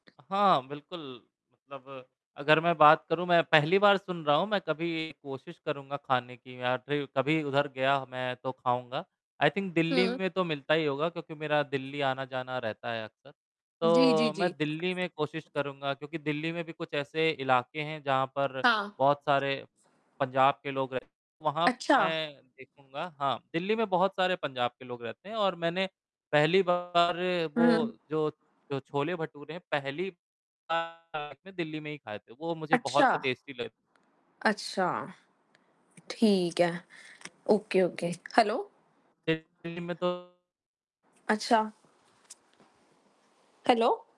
हाँ बिल्कुल, मतलब अगर मैं बात करूँ, मैं पहली बार सुन रहा हूँ। मैं कभी कोशिश करूँगा ख़ाने की या ट्री कभी उधर गया मैं तो खाऊँगा। आई थिंक दिल्ली हुँ। में तो मिलता ही होगा क्योंकि मेरा दिल्ली आना-जाना रहता है अक्सर। जी, जी, तो मैं जी। दिल्ली में कोशिश करूँगा क्योंकि दिल्ली में भी कुछ ऐसे इलाके हैं जहाँ पर हाँ। बहुत सारे पंजाब के लोग रह वहाँ अच्छा! मैं देखूँगा। हाँ, दिल्ली में बहुत सारे पंजाब के लोग रहते हैं और मैंने पहली बार वो हुँ। जो जो छोले भटूरे हैं पहली बार दिल्ली में ही ख़ाए थे। वो मुझे अच्छा। बहुत टेस्टी लगे। अच्छा। ठीक है। Okay, okay, hello? दि दिल्ली में तो अच्छा। हेलो?